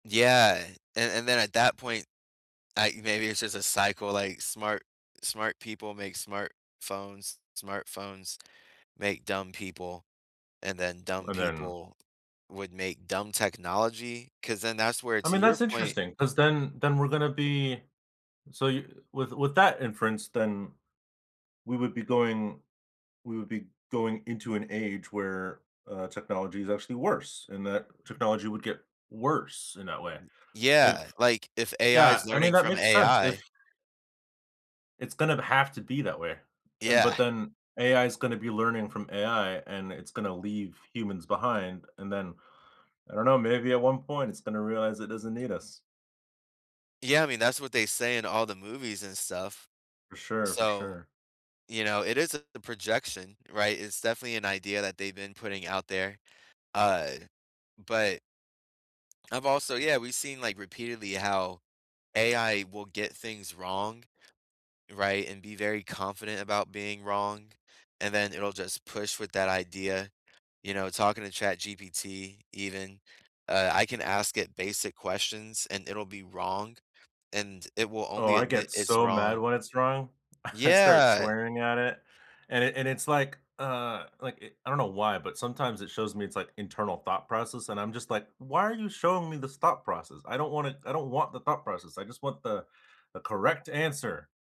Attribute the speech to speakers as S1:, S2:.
S1: Yeah. And and then at that point, I maybe it's just a cycle. Like, smart smart people make smart phones. Smartphones make dumb people, and then dumb
S2: And then
S1: people would make dumb technology. 'Cause then that's where
S2: I
S1: to
S2: mean,
S1: your
S2: that's
S1: point
S2: interesting 'cause then then we're gonna be so you with with that inference, then we would be going we would be going into an age where, uh, technology is actually worse and that technology would get worse in that way.
S1: Yeah.
S2: If
S1: Like, if AI
S2: Yeah,
S1: is
S2: I mean,
S1: learning
S2: that
S1: from
S2: makes sense, if
S1: AI
S2: It's gonna b have to be that way. And but
S1: Yeah.
S2: then AI is gonna be learning from AI and it's gonna leave humans behind. And then, I don't know, maybe at one point it's gonna realize it doesn't need us.
S1: Yeah, I mean, that's what they say in all the movies and stuff.
S2: For sure, for
S1: So,
S2: sure.
S1: you know, it is a projection, right? It's definitely an idea that they've been putting out there. Uh, but I've also yeah, we've seen, like, repeatedly how AI will get things wrong, right? And be very confident about being wrong. And then it'll just push with that idea, you know, talking to ChatGPT even, uh, I can ask it basic questions, and it'll be wrong, and it will
S2: Oh,
S1: only
S2: I
S1: admit
S2: get
S1: it's
S2: so mad
S1: wrong
S2: when it's wrong. I start
S1: Yeah.
S2: swearing at it. And and it's like, uh, like, i I don't know why, but sometimes it shows me, its like internal thought process and I'm just like, "Why are you showing me this thought process? I don't want it I don't want the thought process. I just want the the correct answer."